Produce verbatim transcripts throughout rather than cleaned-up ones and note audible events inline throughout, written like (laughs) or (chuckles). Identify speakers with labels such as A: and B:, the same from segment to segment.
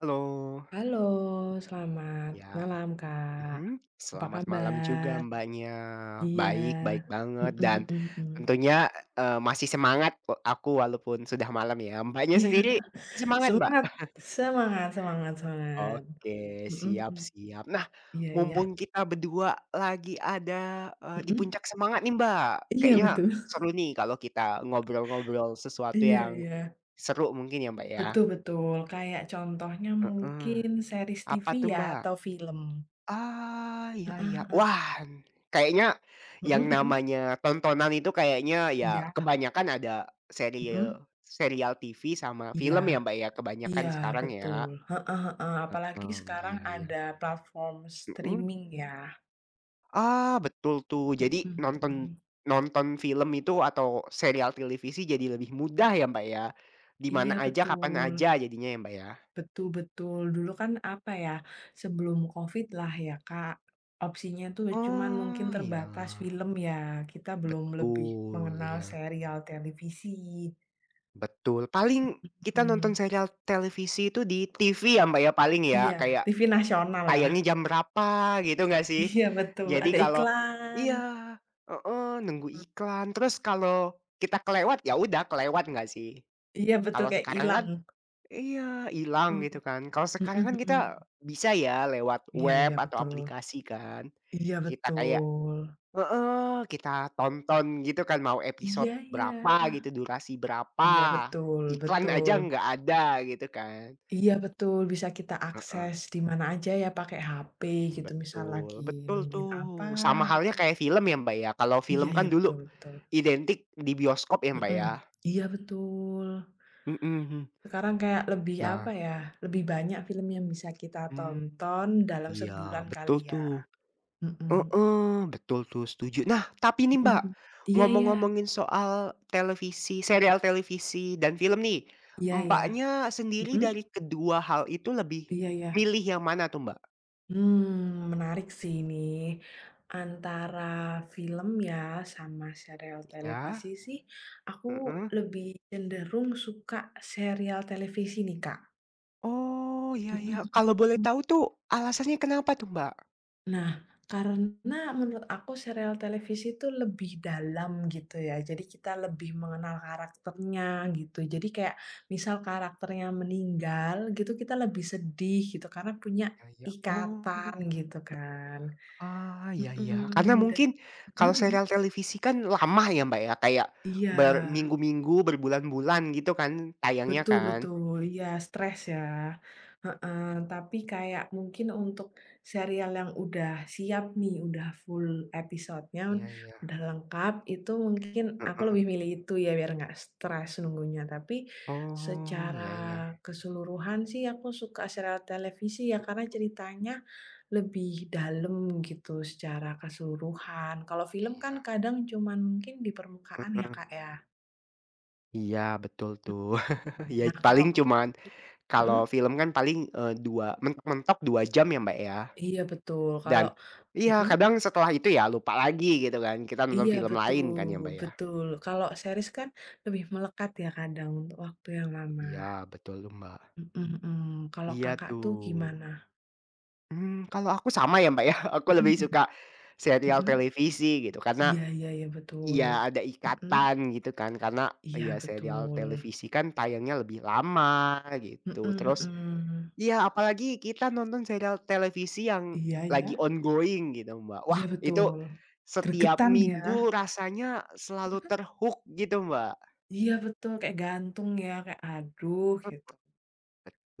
A: Halo.
B: Halo selamat
A: Iya,
B: malam Kak,
A: mhm,
B: apa
A: selamat malam juga
B: kabar?
A: Mbaknya.
B: Iya,
A: Baik, baik banget
B: mhm
A: dan,
B: mhm mhm.
A: tentunya, eee, masih semangat e aku walaupun sudah malam ya. Mbaknya
B: Iya,
A: sendiri,
B: (chuckles)
A: masih semangat Mbak?
B: semangat! Semangat, semangat,
A: (chuckles)
B: semangat,
A: Oke
B: mhm
A: siap
B: mhm,
A: siap. Nah,
B: iya iya.
A: mumpung kita berdua lagi ada, eee, di
B: Mhm.
A: puncak semangat nih Mbak
B: Iya
A: kayaknya,
B: betul. (chuckles)
A: seru nih kalau kita ngobrol-ngobrol sesuatu
B: Iya
A: yang
B: iya.
A: seru mungkin ya Mbak
B: Betul
A: ya.
B: betul, kayak contohnya
A: Heeh,
B: mungkin series TV
A: apa tuh
B: ya
A: Mbak?
B: atau film.
A: Ah, iya
B: Heeh
A: iya.
B: heeh.
A: Wah! Kayaknya,
B: Mhm
A: yang
B: mhm.
A: namanya tontonan itu kayaknya ya
B: Iya.
A: kebanyakan ada,
B: Mhm.
A: seriel serial TV sama
B: Iya,
A: film ya Mbak ya
B: iya
A: kebanyakan sekarang ya,
B: betul, heeh heeh, apalagi
A: mhm,
B: sekarang
A: iya iya.
B: ada platform
A: Mhm.
B: streaming ya.
A: Ah, betul tuh
B: Mhm,
A: jadi nonton,
B: mmm.
A: nonton film itu atau serial tilivisi jadi lebih mudah ya Mbak ya, di mana
B: Iya
A: aja, kapan
B: betul.
A: aja, jadinya ya Mbak ya?
B: Betul betul. Dulu kan apa ya, sebelum COVID lah ya Kak, opsinya itu cuman mungkin
A: Oh iya.
B: terbatas film ya kita belum lebih
A: Betul
B: mengenal
A: iya.
B: serial televisi.
A: Betul, paling kita nonton
B: Mhm.
A: serial televisi itu di TV ya Mbak ya paling ya
B: Iya,
A: kayak,
B: TV nasional ya.
A: tayangnya jam berapa gitu enggak sih?
B: Iya, betul
A: Jadi
B: ada
A: kalau
B: iklan.
A: iya, heeh, nunggu iklan terus kalau kita kelewat ya udah kelewat enggak sih?
B: Iya betul
A: Kalau
B: kayak
A: sekarang kan
B: hilang.
A: iya, hilang gitu
B: Mhm,
A: kan. Kalau sekarang kan
B: mhm
A: kita
B: mhm.
A: bisa ya lewat
B: Iya
A: web
B: iya
A: atau
B: betul,
A: aplikasi kan,
B: iya
A: kita kayak
B: betul.
A: heeh, kita tonton gitu kan mau
B: Iya
A: episode
B: iya,
A: berapa gitu, durasi berapa,
B: iya betul,
A: iklan
B: betul.
A: aja enggak ada gitu kan.
B: Iya betul, bisa kita
A: Heeh.
B: akses di mana aja ya pakai hape gitu misal lagi
A: Betul betul
B: nungguin apa
A: tuh, sama halnya
B: gitu.
A: kayak film ya Mbak ya kalau
B: Iya
A: film
B: iya
A: kan dulu,
B: betul, betul.
A: identik di bioskop ya Mbak
B: Mhm,
A: ya.
B: iya betul.
A: Mhm.
B: Sekarang kayak lebih, apa
A: Nah
B: ya, lebih banyak film yang bisa kita
A: Mmm,
B: tonton dalam
A: iya
B: sebulan
A: betul
B: kali ya,
A: tuh,
B: mhm.
A: heeh, betul tuh setuju. Nah tapi nih, Mbak
B: Mhm, iya iya.
A: ngomong-ngomongin soal televisi serial televisi dan film nih,
B: Iya iya,
A: Mbaknya sendiri dari
B: mhm.
A: kedua hal itu lebih
B: Iya iya.
A: milih yang mana tuh, Mbak?
B: Hmm, menarik sih ini antara film ya sama sereal
A: Iya.
B: televisi sih aku
A: Mmm.
B: lebih cenderung suka serial televisi nih, Kak.
A: Oh, iya
B: Heeh
A: iya.
B: heeh
A: Kalau boleh
B: heeh.
A: tahu tuh alasannya kenapa tuh, Mbak?
B: Nah, karena menurut aku serial televisi itu lebih dalam gitu ya, jadi kita lebih mengenal karakternya gitu. Jadi kayak misal karakternya meninggal gitu, kita lebih sedih gitu karena punya
A: Iya iya.
B: ikatan
A: Oh.
B: gitu kan.
A: Ah, iya iya, karena
B: Mhm, dan
A: mungkin
B: mhm
A: kalau
B: mhm.
A: serial televisi kan lama ya Mbak ya, kayak
B: Iya.
A: berminggu-minggu, berbulan-bulan, gitu kan tayangnya
B: Betul
A: kan?
B: betul, iya stres ya, heeh. Tapi kayak mungkin untuk serial yang udah siap nih, udah full episodenya,
A: Iya iya.
B: udah lengkap, itu mungkin aku
A: Mhm.
B: lebih milih itu ya biar nggak stres nunggunya. Tapi
A: Oh,
B: secara
A: iya iya.
B: keseluruhan sih aku suka serial televisi ya, karena
A: Mhm.
B: ceritanya lebih dalam gitu secara keseluruhan. Kalau
A: Iya
B: film kan
A: iya.
B: kadang cuman mungkin di permukaan ya,
A: Heeh.
B: Kak, ya.
A: Iya, betul
B: Mhm,
A: tuh. (chuckles) Ya
B: nah kalau
A: paling
B: Kakak
A: cuman
B: sendiri mhm?
A: kalau film kan paling, eee, dua mentok-mentok dua jam ya, Mbak, ya,
B: Iya betul,
A: dan
B: kalau
A: iya
B: mhm?
A: kadang setelah itu ya lupa lagi, gitu kan, kita nonton
B: Iya,
A: film lain
B: betul,
A: kan ya, Mbak, ya.
B: betul. Kalau series kan lebih melekat ya kadang, untuk waktu yang lama.
A: Iya, betul tuh, Mbak.
B: Mhm mhm, kalau
A: Iya
B: Kakak tuh
A: tuh.
B: gimana?
A: Mmm, kalau aku sama ya, Mbak, yah. Aku lebih
B: Mhm.
A: suka serial
B: Mhm.
A: televisi gitu karena
B: Iya iya iya, betul,
A: iya ada
B: mhm.
A: ikatan gitu kan, karena
B: Iya
A: ya serial
B: betul.
A: televisi kan tayangnya lebih lama
B: Mhm
A: gitu, terus
B: mhm.
A: iya apalagi kita nonton serial televisi yang
B: Iya
A: lagi
B: iya.
A: ongoing gitu, Mbak. Wah,
B: Iya
A: itu
B: betul,
A: setiap
B: geregetan
A: minggu
B: ya.
A: rasanya selalu
B: Mhm.
A: ter-hook gitu, Mbak.
B: Iya betul, kayak gantung ya, kayak, aduh,
A: Mhm.
B: gitu.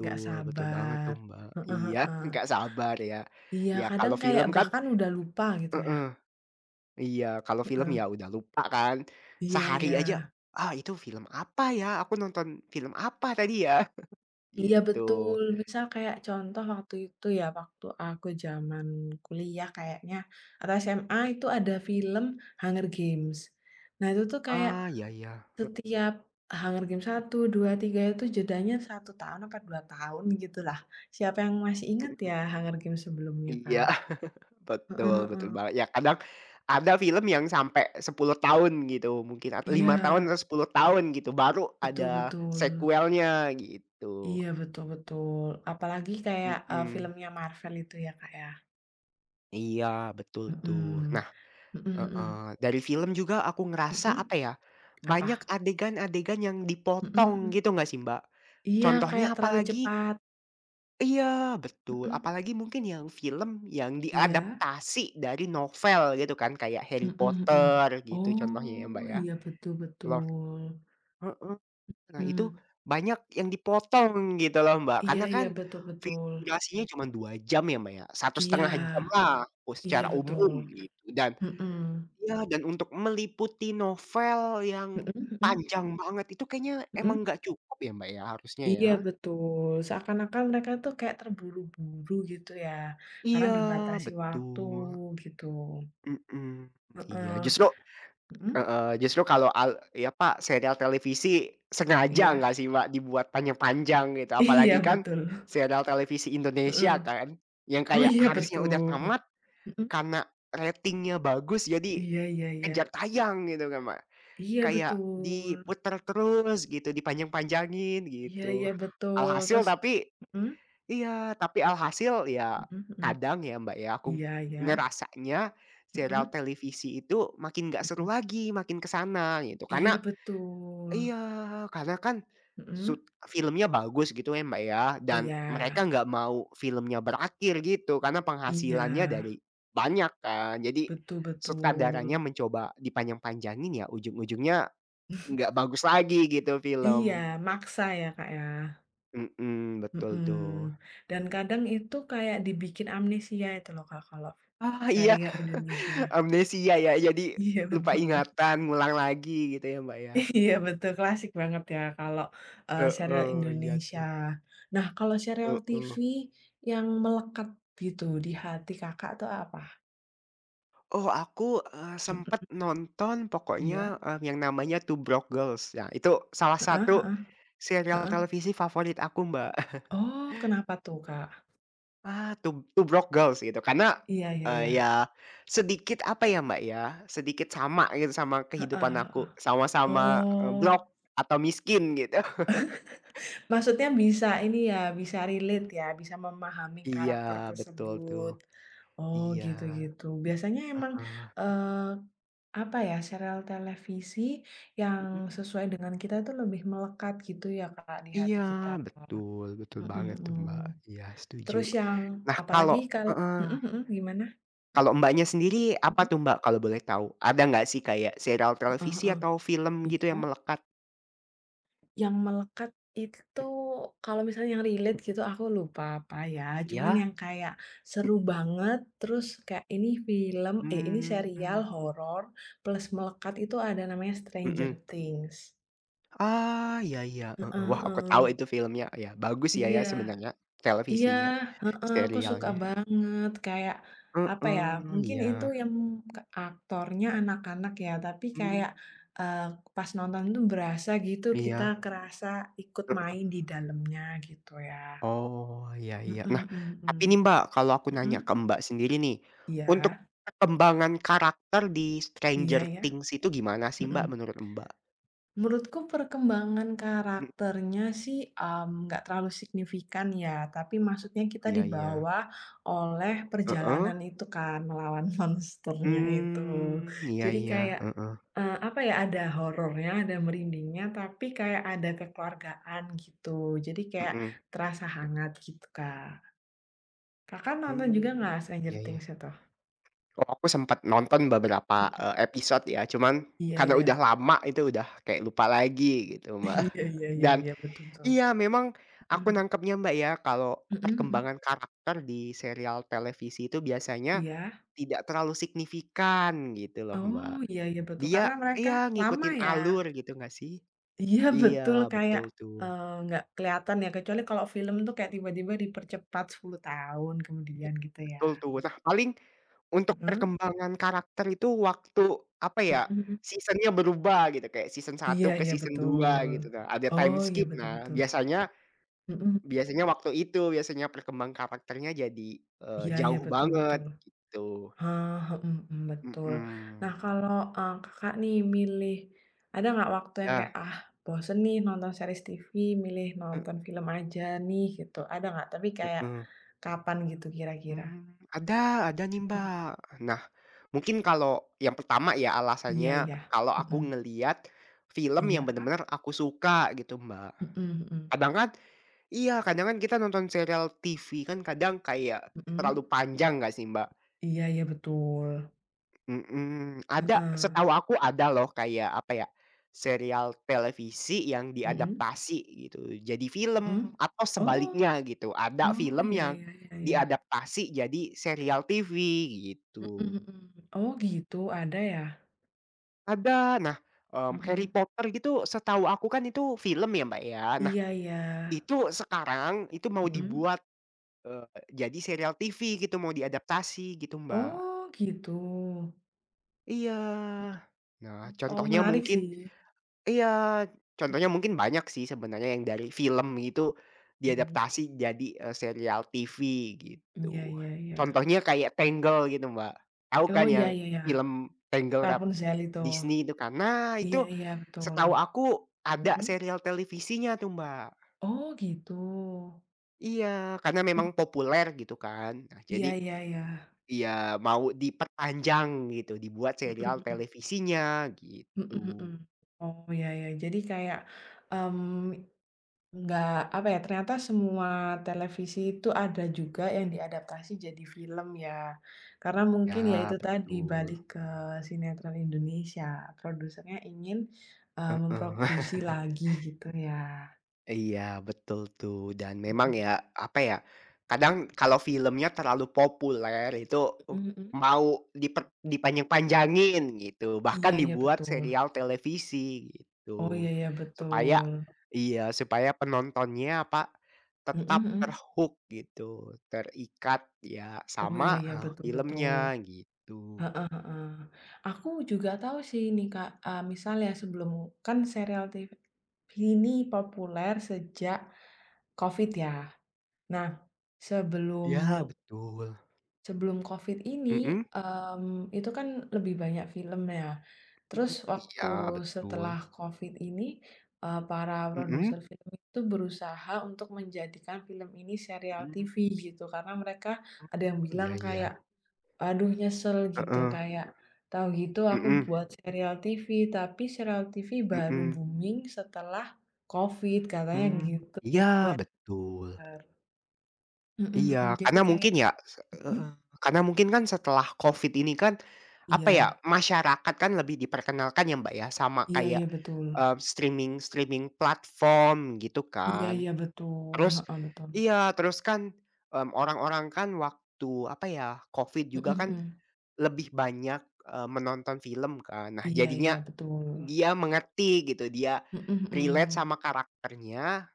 B: Nggak
A: betul banget
B: sabar.
A: tuh, Mbak.
B: Heeh
A: Iya,
B: heeh.
A: nggak sabar ya.
B: Iya
A: Ya
B: kadang
A: kalau
B: kayak
A: film kan
B: bahkan udah lupa, gitu ya.
A: heeh, iya kalau film ya
B: Heeh.
A: udah lupa kan.
B: Iya
A: Sehari aja,
B: iya.
A: "Ah itu film apa ya? Aku nonton film apa tadi ya?" (chuckles)
B: Iya
A: Gitu.
B: betul, misal kayak contoh waktu itu ya, waktu aku zaman kuliah kayaknya, atau SMA itu ada film Hunger Games. Nah, itu tuh kayak
A: Ah, iya iya, heeh.
B: setiap Hunger Games satu, dua, tiga, itu jedanya satu tahun apa dua tahun gitu lah. Siapa yang masih ingat
A: Mhm.
B: ya Hunger Games sebelumnya, Kak.
A: Iya. (chuckles)
B: Heeh
A: Betul betul
B: heeh.
A: banget. Ya kadang ada film yang sampai sepuluh tahun gitu mungkin atau lima tahun
B: Iya.
A: atau sepuluh tahun gitu, baru
B: Betul
A: ada
B: betul.
A: sekuelnya gitu.
B: Iya, betul betul, apalagi kayak, eee,
A: Mhm.
B: filmnya Marvel itu ya, Kak, ya.
A: Iya, betul tuh.
B: Mhm.
A: Nah
B: Mhm mhm.
A: heeh, dari film juga aku ngerasa
B: Mhm.
A: apa ya,
B: Apa?
A: banyak adegan-adegan yang
B: Mhm
A: dipotong,
B: mhm.
A: gitu nggak sih Mbak.
B: Iya, kayak
A: Contohnya
B: terlalu
A: apalagi
B: cepat.
A: Iya, betul.
B: Mmm.
A: Apalagi mungkin yang film yang
B: Iya.
A: diadaptasi dari novel gitu kan, kayak Harry
B: Mhm mhm.
A: Potter, gitu contohnya ya
B: Oh,
A: Mbak ya.
B: iya betul
A: Loh
B: betul.
A: mhm. Nah itu,
B: Hmm.
A: banyak yang dipotong gitu loh Mbak,
B: Iya
A: karena kan,
B: iya, betul
A: film
B: betul.
A: durasinya cuma dua jam ya Mbak ya, satu
B: Iya.
A: setengah jam lah, kalo
B: Iya
A: secara umum,
B: betul.
A: gitu. Dan
B: Mhm.
A: ya, dan untuk meliputi novel yang
B: Mhm mhm.
A: panjang banget itu kayaknya emang
B: Mhm.
A: enggak cukup ya Mbak ya, harusnya
B: Iya
A: ya.
B: betul, seakan-akan mereka itu kayak terburu-buru gitu ya, karena
A: Iya,
B: dibatasi waktu,
A: betul.
B: gitu.
A: Mhm. Iya,
B: Heeh
A: justru
B: mhm.
A: heeh, justru kalau al ya pak serial televisi, sengaja
B: Iya.
A: enggak sih Mbak dibuat panjang-panjang, gitu. Apalagi
B: Iya
A: kan,
B: betul.
A: serial televisi Indonesia
B: Mhm.
A: kan, yang
B: Oh
A: kayak
B: iya
A: harusnya udah
B: betul.
A: tamat,
B: Mhm.
A: karena ratingnya bagus jadi
B: Iya iya iya.
A: kejar tayang gitu kan, Mbak.
B: Iya
A: Kayak,
B: betul.
A: diputer terus, gitu, dipanjang-panjangin,
B: Iya
A: gitu.
B: iya betul,
A: Alhasil
B: terus,
A: tapi
B: mhm?
A: iya, tapi alhasil, ya,
B: Mhm mhm,
A: kadang ya Mbak ya, aku ng
B: iya iya.
A: ngerasanya, serial
B: Mhm.
A: televisi itu, makin enggak seru
B: Mhm.
A: lagi, makin ke sana, gitu.
B: Iya
A: Karena
B: betul.
A: iya, karena kan,
B: Mhm.
A: sut filmnya bagus gitu ya Mbak ya,
B: Oh
A: dan, mereka
B: ya.
A: enggak mau filmnya berakhir gitu, karena penghasilannya
B: Iya.
A: dari banyak kan. Jadi,
B: Betul
A: sutradaranya
B: betul.
A: mencoba dipanjang-panjangin ya, ujung-ujungnya enggak
B: (snorts)
A: bagus lagi gitu
B: Iya,
A: film.
B: maksa ya Kak ya?
A: Mhm, betul tuh.
B: Mhm, dan kadang itu kayak dibikin amnesia itu loh Kak kalau
A: Ah, iya
B: serial
A: (laughs)
B: Indonesia.
A: amnesia ya jadi,
B: Iya,
A: lupa
B: betul.
A: ingatan, ngulang lagi gitu ya Mbak ya.
B: Iya betul klasik banget ya kalau, eee, serial
A: Heeh, iya
B: Indonesia.
A: tuh.
B: Nah kalau serial TV,
A: Heeh.
B: yang melekat gitu di hati Kakak itu apa?
A: Oh aku, eee,
B: Mhm.
A: sempet nonton
B: Iya.
A: pokoknya, eee, yang namanya Two Broke Girls ya itu salah
B: Heeh heeh,
A: satu, serial
B: heeh.
A: televisi favorit aku Mbak. (chuckles)
B: Oh, kenapa tuh, Kak?
A: Ah, Two Two Broke Girls gitu karena,
B: Iya iya
A: eee,
B: iya.
A: ya, sedikit apa ya Mbak ya, sedikit sama gitu sama
B: Heeh
A: kehidupan
B: heeh,
A: aku sama-sama, eee,
B: oh.
A: broke, atau miskin gitu. (chuckles)
B: (laughs) Maksudnya bisa ini ya, bisa relate, ya, bisa memahami
A: Iya
B: karakter
A: betul tuh,
B: tersebut, oh
A: iya,
B: gitu gitu, biasanya emang,
A: heeh.
B: eee, apa ya, serial televisi yang
A: Mhm.
B: sesuai dengan kita itu lebih melekat gitu ya Kak, di hati
A: Iya
B: kita, heeh,
A: betul, betul
B: mhm
A: banget tuh
B: mhm,
A: Mbak, iya setuju.
B: terus yang
A: Nah
B: apalagi
A: kalau
B: kalau
A: heeh,
B: mhm mhm, gimana?
A: kalau Mbaknya sendiri apa
B: Mhm.
A: tuh Mbak kalau boleh tahu? Ada enggak sih kayak serial
B: Heeh
A: televisi
B: heeh,
A: atau film gitu yang
B: iya.
A: melekat?
B: Yang melekat itu
A: Hmm.
B: kalau misalnya yang relate gitu aku lupa apa ya, cuman
A: Iya.
B: yang kayak
A: Hmm.
B: seru banget terus kayak ini film eh ini serial
A: Mhm.
B: horor plus melekat itu ada namanya Stranger
A: Mhm.
B: Things.
A: Ah, iya iya, heeh.
B: Heeh
A: Wah aku tahu
B: heeh.
A: itu filmnya, ya bagus ya
B: Iya.
A: ya sebenarnya
B: Iya,
A: televisinya,
B: heeh, aku suka
A: serialnya.
B: banget kayak, apa ya,
A: Mhm,
B: mungkin itu
A: iya.
B: yang ke aktornya anak-anak ya tapi
A: Hmm.
B: kayak, eee, pas nonton itu berasa gitu kita
A: Iya.
B: kerasa ikut
A: Mhm.
B: main di dalamnya gitu ya.
A: Oh, iya
B: Mhm
A: iya. Nah,
B: mhm mhm.
A: tapi nih Mbak, kalau aku
B: Mhm?
A: nanya ke Mbak sendiri nih, untuk
B: Iya.
A: perkembangan karakter di
B: Iya
A: Stranger
B: iya,
A: Things itu gimana sih Mbak
B: mhm.
A: menurut, Mbak?
B: Menurutku perkembangan
A: Hmm.
B: karakternya sih, mmm, nggak terlalu signifikan ya. Tapi
A: Mhm,
B: maksudnya kita
A: iya iya.
B: dibawa oleh
A: Heeh.
B: perjalanan itu kan melawan monsternya itu.
A: Mmm, iya
B: Jadi
A: iya,
B: kayak,
A: heeh.
B: eee, apa ya, ada horornya, ada merindingnya, tapi kayak ada kekeluargaan gitu. Jadi kayak
A: Mhm.
B: terasa hangat gitu, Kak. Kakak nonton juga nggak
A: Mmm,
B: Stranger
A: iya iya.
B: Things itu?
A: Oh, aku sempet nonton beberapa,
B: Mhm.
A: eee, episode ya, cuman
B: Iya
A: karena udah
B: iya.
A: lama itu udah kayak lupa lagi gitu, Mbak.
B: Iya
A: (chuckles)
B: iya iya
A: Dan
B: iya, betul betul.
A: iya memang aku
B: Mhm.
A: nangkepnya Mbak ya, kalau
B: Mhm mhm.
A: perkembangan karakter di serial televisi itu biasanya
B: Iya.
A: tidak terlalu signifikan gitu loh,
B: Oh,
A: Mbak.
B: iya iya betul, karena
A: Dia
B: mereka
A: iya
B: lama
A: ngikutin
B: ya?
A: alur gitu enggak sih?
B: Iya
A: Iya
B: betul, kayak,
A: betul tuh.
B: eee, nggak kelihatan ya, kecuali kalau film tuh kayak tiba-tiba dipercepat sepuluh tahun
A: Iya,
B: kemudian, gitu ya.
A: betul tuh. Nah, paling untuk
B: Mhm.
A: perkembangan karakter itu waktu, apa ya,
B: Mhm mhm.
A: season-nya berubah gitu. Kayak season
B: Iya
A: satu ke
B: iya
A: season dua
B: betul.
A: gitu Kak, ada time
B: Oh iya
A: skip.
B: betul
A: Nah
B: betul.
A: biasanya
B: Mhm.
A: biasanya waktu itu, biasanya perkembang karakternya jadi, eee,
B: Iya iya,
A: jauh
B: betul
A: banget,
B: betul.
A: gitu.
B: Ha, mhm mhm, betul. Nah
A: Mhm.
B: kalau, eee, Kakak nih milih ada nggak waktu yang
A: Yah.
B: kayak "ah bosen nih nonton series TV, milih
A: Heeh.
B: nonton film aja nih" gitu, ada nggak? Tapi kayak,
A: Mhm.
B: kapan gitu kira-kira?
A: Mmm, ada ada nih,
B: Mhm.
A: Mbak. Nah, mungkin kalau yang pertama ya
B: Iya
A: alasannya
B: iya,
A: kalau aku
B: mhm.
A: ngelihat film yang
B: Iya.
A: benar-benar aku suka gitu Mbak,
B: Mhm mhm.
A: kadang kan iya, kadang kan kita nonton serial TV kan kadang kayak terlalu
B: Mhm.
A: panjang nggak sih, Mbak?
B: Iya iya, betul.
A: Mhm. Ada,
B: Heeh.
A: setahu aku ada loh kayak, apa ya, serial televisi yang
B: Mhm.
A: diadaptasi gitu jadi film
B: Mhm,
A: atau
B: Oh.
A: sebaliknya gitu. Ada
B: Oh
A: film
B: ya
A: yang
B: ya ya ya.
A: diadaptasi jadi serial TV
B: Mhm
A: gitu.
B: mhm. Oh gitu, ada ya?
A: Ada. Nah, mmm, Harry
B: Mhm.
A: Potter gitu setahu aku kan itu film ya, Mbak, ya. Nah,
B: Iya iya.
A: itu sekarang itu mau
B: Mhm.
A: dibuat, eee, jadi serial TV gitu, mau diadaptasi gitu, Mbak.
B: Oh gitu.
A: Iya.
B: Mhm.
A: Nah,
B: Oh,
A: contohnya
B: menarik
A: mungkin.
B: sih.
A: iya, contohnya mungkin banyak sih sebenarnya yang dari film itu di
B: Mhm.
A: adaptasi jadi, eee, serial TV,
B: Iya
A: gitu.
B: iya iya.
A: Contohnya kayak Tangled gitu Mbak, tahu
B: Oh,
A: kan
B: iya
A: yang
B: iya ya.
A: film Tangled Ralph
B: Rapunzel itu.
A: Disney itu kan? Nah,
B: Iya
A: itu
B: iya, betul.
A: setahu aku ada
B: Mhm.
A: serial televisinya tuh, Mbak.
B: Oh gitu.
A: Iya, karena memang
B: Mhm.
A: populer gitu kan, nah jadi
B: Iya iya iya.
A: iya mau diperpanjang gitu, dibuat
B: Mhm
A: serial
B: mhm.
A: televisinya,
B: Mhm mhm,
A: gitu.
B: Oh, ya ya, jadi kayak, mmm, nggak, apa ya, ternyata semua televisi itu ada juga yang diadaptasi jadi film ya. Karena mungkin ya itu
A: Ya,
B: tadi balik
A: betul.
B: ke sinetron Indonesia produsernya ingin, eee,
A: Heeh.
B: memproduksi
A: (chuckles)
B: lagi gitu ya.
A: Iya betul tuh dan memang ya, apa ya, kadang kalau filmnya terlalu populer itu, uh,
B: Mhm mhm.
A: mau diper dipanjang-panjangin gitu
B: Iya
A: bahkan
B: iya
A: dibuat
B: betul.
A: serial televisi
B: Oh
A: gitu,
B: iya iya
A: supaya
B: betul.
A: iya supaya penontonnya apa,
B: Mhm
A: tetap
B: mhm.
A: ter-hook gitu, terikat ya
B: Oh
A: sama
B: iya iya
A: ha
B: betul betul,
A: filmnya gitu.
B: heeh heeh. Aku juga tahu sih ini Kak, eee, misal ya sebelum kan serial TV, ini populer sejak, COVID ya, nah
A: Ya
B: sebelumu
A: betul.
B: sebelum COVID ini,
A: Mhm.
B: mmm, itu kan lebih banyak film ya,
A: Mmm,
B: terus waktu
A: iya betul.
B: setelah COVID ini, eee, para
A: Mhm.
B: produser film itu berusaha untuk menjadikan film ini serial
A: Mmm.
B: TV gitu karena mereka ada yang
A: Oh
B: bilang
A: ya
B: kayak,
A: ya.
B: "aduh nyesel" gitu
A: Heeh.
B: kayak, "Tahu gitu aku
A: Mhm.
B: buat serial TV. Tapi serial TV baru
A: Mmm.
B: booming setelah, COVID," katanya
A: Mmm,
B: gitu.
A: iya
B: Wad
A: betul.
B: ner. Mhm mhm,
A: Iya
B: jadi
A: karena
B: kayak,
A: mungkin ya se
B: mhm?
A: heeh, karena mungkin kan setelah COVID ini kan, apa ya
B: Iya.
A: masyarakat kan lebih diperkenalkan ya Mbak ya sama
B: Iya
A: kayak,
B: iya betul.
A: eee, streaming-streaming platform gitu
B: Iya
A: kan,
B: iya betul,
A: terus,
B: heeh, betul.
A: iya terus kan, mmm, orang-orang kan waktu apa ya COVID
B: Mhm
A: juga kan,
B: mhm.
A: lebih banyak, eee, menonton film kan nah
B: Iya
A: jadinya,
B: iya betul.
A: dia mengerti gitu dia,
B: Mhm
A: relate
B: mhm.
A: sama karakternya,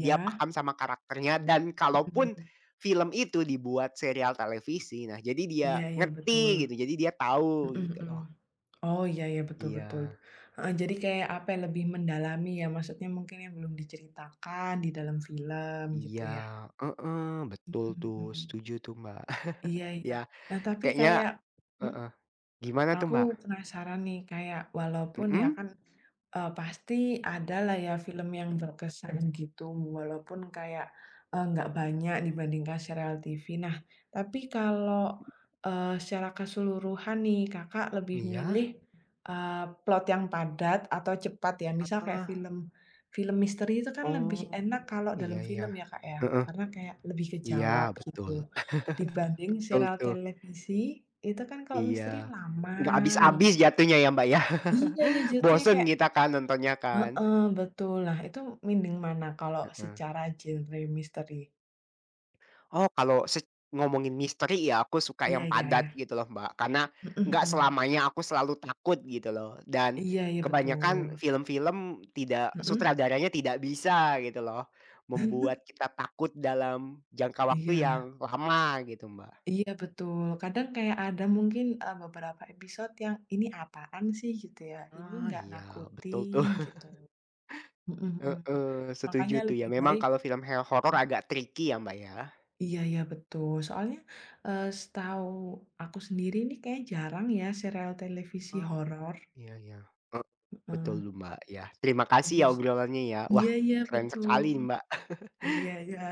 A: dia paham sama karakternya dan
B: Mhm
A: kalaupun,
B: mhm.
A: film itu dibuat serial televisi nah jadi dia
B: Iya iya betul,
A: ngerti gitu, jadi dia tahu
B: mhm
A: gitu
B: mhm,
A: loh.
B: oh iya iya betul betul,
A: Iya.
B: heeh, jadi kayak, apa ya, lebih mendalami ya maksudnya mungkin yang belum diceritakan di dalam film gitu
A: Iya,
B: ya.
A: heeh, betul
B: Mhm
A: tuh
B: mhm.
A: setuju tuh Mbak
B: Iya
A: (chuckles)
B: iya,
A: ya
B: nah tapi
A: kayaknya
B: kayak mmm?
A: heeh, gimana tuh,
B: Aku
A: Mbak?
B: penasaran nih kayak walaupun ya
A: Mhm?
B: kan, eee, pasti ada lah ya film yang berkesan gitu walaupun kayak, eee, nggak banyak dibandingkan serial TV nah, tapi kalau, eee, secara keseluruhan nih Kakak lebih milih,
A: Iya.
B: eee, plot yang padat atau cepat ya? Misal kayak
A: Heeh.
B: film, film misteri itu kan lebih
A: Oh,
B: enak kalau
A: iya
B: dalam
A: iya,
B: film ya Kak ya
A: heeh,
B: karena kayak lebih
A: iya
B: kejawab
A: betul,
B: gitu, dibanding
A: (chuckles) betul
B: sereal
A: tuh.
B: televisi, itu kan kalau misteri
A: Iya,
B: lama
A: enggak habis-habis
B: banget tuh.
A: jatuhnya ya Mbak ya
B: Iya iya
A: (chuckles)
B: jatuhnya
A: bosan
B: kayak
A: kita kan nontonnya kan.
B: Heeh, betul, nah itu mending mana kalau
A: Heeh.
B: secara genre misteri?
A: Oh kalau sec ngomongin misteri ya aku suka
B: Iya
A: yang
B: iya
A: padat
B: iya.
A: gitu loh Mbak, karena
B: Mhm
A: enggak
B: mhm.
A: selamanya aku selalu takut gitu loh dan
B: Iya iya
A: kebanyakan
B: betul.
A: film-film tidak
B: Mhm.
A: sutradaranya tidak bisa gitu loh,
B: (chuckles)
A: membuat kita takut dalam jangka waktu
B: Iya.
A: yang lama gitu, Mbak.
B: Iya betul, kadang kayak ada mungkin, eee, beberapa episode yang "ini apaan sih" gitu ya, "ini
A: Ah,
B: nggak
A: iya betul tuh,
B: nakutin" gitu,
A: (chuckles)
B: mhm mhm,
A: Heeh,
B: makanya
A: setuju tuh, ya
B: lebih
A: memang
B: baik
A: kalau film he horor
B: (unintelligible)
A: agak tricky ya Mbak ya.
B: Iya iya betul, soalnya, eee, setahu aku sendiri nih kayaknya jarang ya sereal televisi
A: Oh,
B: horor.
A: iya iya ek betul
B: Heeh.
A: tuh Mbak. Ya. Terima kasih ya
B: Lebih s
A: obrolannya ya, wah
B: iya iya
A: keren sekali,
B: betul,
A: Mbak. (chuckles)
B: iya iya.